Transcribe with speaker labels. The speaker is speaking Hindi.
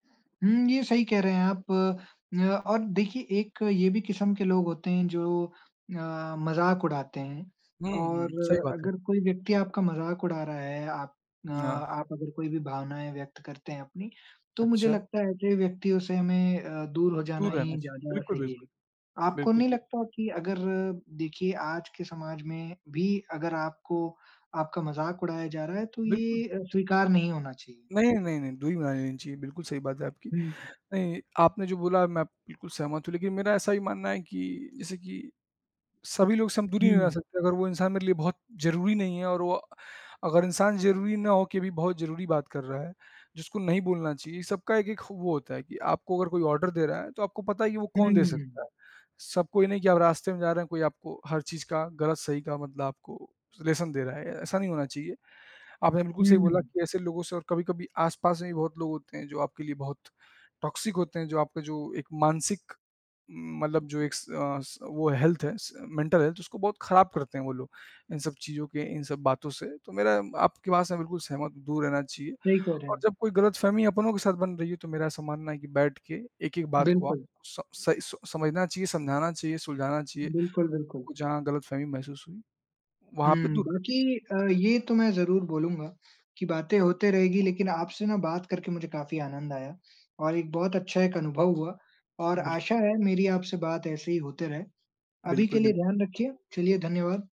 Speaker 1: हुँ, ये सही कह रहे हैं आप न और देखिए एक ये भी किसम के लोग होते हैं जो अ, मज़ाक उड़ाते हैं
Speaker 2: हुँ,
Speaker 1: और
Speaker 2: हुँ। सही बात है।
Speaker 1: अगर कोई व्यक्ति आपका मज़ाक उड़ा रहा है, आप ना
Speaker 2: ना।
Speaker 1: आप अगर कोई भी भावनाएँ व्यक्त करते हैं अपनी, तो मुझे
Speaker 2: अच्छा।
Speaker 1: लगता है ऐसे व्यक्तियों से हमें अ, दूर हो जाना
Speaker 2: दूर रहना
Speaker 1: ही
Speaker 2: चाहिए।
Speaker 1: ज़्यादा
Speaker 2: बिल्कुल,
Speaker 1: सही है।
Speaker 2: बिल्कुल।
Speaker 1: आपको
Speaker 2: बिल्कुल
Speaker 1: नहीं
Speaker 2: सही।
Speaker 1: लगता कि अगर देखिए आज के समाज में भी अगर आपको आपका मजाक उड़ाया जा रहा है तो
Speaker 2: बिल्कुल।
Speaker 1: ये अ, स्वीकार नहीं होना चाहिए?
Speaker 2: नहीं, अ, नहीं, नहीं, दूरी बना लेनी चाहिए, बिल्कुल सही बात है आपकी।
Speaker 1: हुँ।
Speaker 2: नहीं, आपने जो बोला मैं बिल्कुल सहमत हूँ लेकिन मेरा ऐसा भी मानना है कि जैसे कि सभी लोगों से हम दूरी नहीं बना
Speaker 1: हुँ।
Speaker 2: सकते। अगर वो इंसान मेरे लिए बहुत ज़रूरी नहीं है और वो अगर इंसान ज़रूरी ना होके भी बहुत ज़रूरी बात कर रहा है जिसको नहीं बोलना चाहिए, सबका एक-एक ख वो होता है कि आपको अगर कोई ऑर्डर दे रहा है तो आपको पता ही है वो कौन दे
Speaker 1: हुँ।
Speaker 2: सकता है, सबको ही नहीं कि आप रास्ते में जा रहे हैं, कोई आपको हर चीज़ का गलत-सही का मतलब आपको लेसन दे रहा है, ऐसा नहीं होना चाहिए। आपने बिल्कुल सही बोला
Speaker 1: हुँ।
Speaker 2: कि ऐसे लोगों से और कभी-कभी आस-पास में भी बहुत लोग होते हैं जो आपके लिए बहुत टॉक्सिक होते हैं, जो आपका जो एक मानसिक उम, मतलब जो एक स अ, स हेल्थ है स मेंटल हेल्थ है उसको बहुत ख़राब करते हैं वो लोग, इन सब चीज़ों के इन सब बातों से। तो मेरा आप के बात से बिल्कुल सहमत हूँ, दूर रहना चाहिए
Speaker 1: सही कह रहे
Speaker 2: और
Speaker 1: हैं।
Speaker 2: जब कोई गलतफ़हमी अपनों के साथ बन रही है तो मेरा ऐसा मानना है कि बैठ के एक-एक बात को आप
Speaker 1: बिल्कुल।
Speaker 2: स सही सो समझना चाहिए, समझाना चाहिए, सुलझाना चाहिए।
Speaker 1: बिल्कुल, बिल्कुल।
Speaker 2: आपको जहाँ गलतफ़हमी महसूस हुई, वहाँ पे
Speaker 1: हुँ,
Speaker 2: दूर करनी
Speaker 1: बाकी
Speaker 2: चाहिए।
Speaker 1: अ, ये तो मैं ज़रूर बोलूँगा कि बातें होते रहेगी लेकिन आपसे ना बात करके मुझे काफ़ी आनंद आया और एक बहुत अच्छा एक अनुभव हुआ और
Speaker 2: बिल्क
Speaker 1: आशा है मेरी आपसे बात ऐसे ही होते रहे। अभी के
Speaker 2: बिल्कुल,
Speaker 1: लिए
Speaker 2: बिल्कु
Speaker 1: ध्यान रखिए, चलिए धन्यवाद।